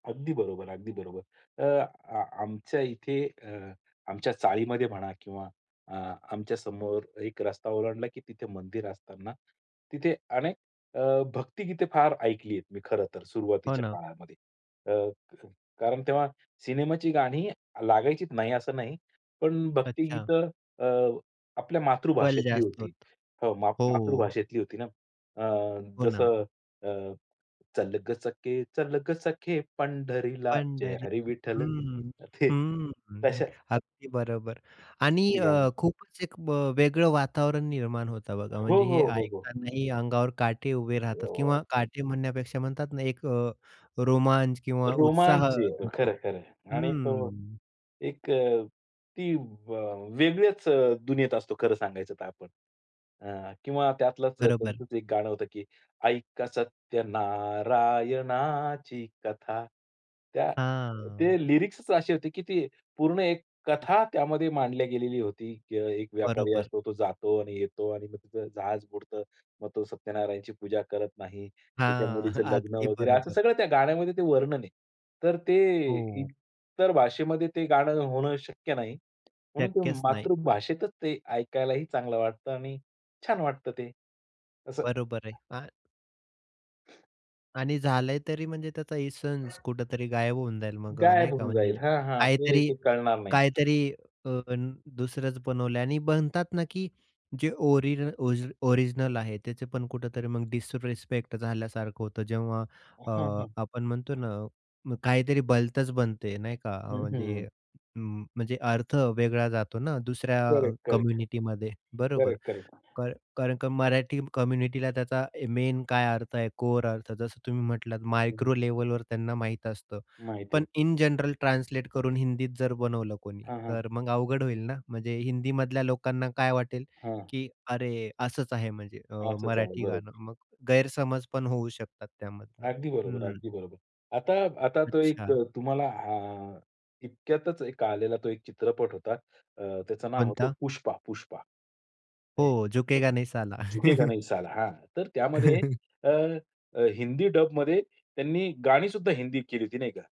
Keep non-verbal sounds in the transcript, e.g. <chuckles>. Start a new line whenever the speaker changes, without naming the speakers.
अगदी बरोबर, अगदी बरोबर. अ, आ आमच्या इथे अ, आमच्या चाळीमध्ये म्हणा किंवा अ, आमच्या समोर एक रस्ता ओलांडला की तिथे मंदिर असतांना तिथे अनेक अ, भक्तिगीते फार ऐकली आहेत मी खरं तर
हो
सुरुवातीच्या
ना.
काळामध्ये. अ, कारण तेव्हा सिनेमाची गाणी लागायचीत नाही, असं नाही. पण
अच्छा.
भक्तिगीतं अ, आपल्या
बल
मातृभाषेतली
जास्त
होती.
होतं.
हो, मा
हो.
मातृभाषेतली होती ना. अ,
हो ना.
जसं अ, चल गं सखे चल गं सखे पंढरीला, जय
पंढरी
हरी विठ्ठल.
हं,
ते
हं
तशा
अगदी बरोबर. आणि
ती
अ,
गाणी.
खूपच एक वेगळं वातावरण निर्माण होतं बघा.
हो,
म्हणजे हे
हो, हो, हो.
ऐकतांनाही अंगावर काटे उभे राहतात
क्या बात
किंवा
है!
काटे म्हणण्यापेक्षा म्हणतात ना एक अ, रोमांच अ, किंवा उत्साह
रोमांच येतो.
येतो.
खरं, खरं. आणि तो
हम्म.
एक अ, ती व वेगळ्याच दुनियेत असतो खरं सांगायचं तर आपण. अ, किंवा त्यातलच
बरोबर.
त्यांचं एक गाणं होतं की, ऐका सत्य नारायणाची कथा. त्या ते
हां.
लिरिक्सच अशी होती की ती पूर्ण एक कथा त्यामध्ये मांडली गेलेली होती. की एक व्यापारी
बरोबर.
असतो तो जातो आणि येतो आणि मग त्याचं जहाज बुडतं. मग तो सत्यनारायणाची पूजा करत नाही. त्याच्या
हां. <chuckles>
मुलीचं लग्न
अगदी
वगैरे असं
बरोबर.
सगळं त्या गाण्यामध्ये ते वर्णन आहे. तर ते
हो.
इतर भाषेमध्ये ते गाणं होणं शक्य नाही. म्हणून ते
शक्यच नाही.
मातृभाषेतच ते ऐकायलाही चांगलं वाटतं आणि छान वाटतं ते. असं.
बरोबर आहे. काय आणि झालंय तरी म्हणजे त्याचा इसेन्स कुठेतरी गायब होऊन जाईल मग अ, नाही
गायब
का
होऊन
म्हणजे
जाईल. हां, हां. तो
काहीतरी
हेतू कळणार नाही.
काहीतरी अ, दुसरंच बनवलं आणि बनतात ना की जे ओरि ओरिजिनल आहे त्याचे पण कुठेतरी मग डिसरेस्पेक्ट झाल्यासारखं होतं. जेव्हा
हं,
अ,
हं.
आपण म्हणतो ना. मग काहीतरी भलतच बनते नाही का
हं,
म्हणजे
हं.
उं, म्हणजे अर्थ वेगळा जातो ना दुसऱ्या अ,
करेक्ट, करेक्ट,
कम्युनिटीमध्ये बरोबर.
Correct, correct.
क कारण का मराठी कम्युनिटीला त्याचा मेन काय अर्थ आहे? कोर अर्थ जसं तुम्ही म्हटलात
हं, हं.
मायक्रो लेव्हलवर त्यांना माहित असतं.
माहिती
पण
अस
इन जनरल ट्रान्सलेट करून हिंदीत जर बनवलं कोणी,
हां, हां.
तर मग अवघड होईल ना. म्हणजे हिंदी मधल्या लोकांना काय वाटेल,
हां.
की अरे असंच आहे म्हणजे अ,
असंच आहे.
मराठी गाणं.
बरोबर.
मग गैरसमज पण होऊ शकतात त्यामधून.
अगदी बरोबर.
हं.
अगदी बरोबर. आता आता तो एक
अच्छा.
अ, तुम्हाला अ, इतक्यातच एक आलेला तो एक चित्रपट होता. अ, त्याचं नाव होतं
कोणता?
पुष्पा, पुष्पा. ऐ
हो.
तू
झुकेगा नहीं साला.
झुकेगा नही
<chuckles>
साला. हां. तर त्यामध्ये
<chuckles>
अ, हिंदी डबमध्ये त्यांनी गाणीसुद्धा हिंदीत केली होती नाही का?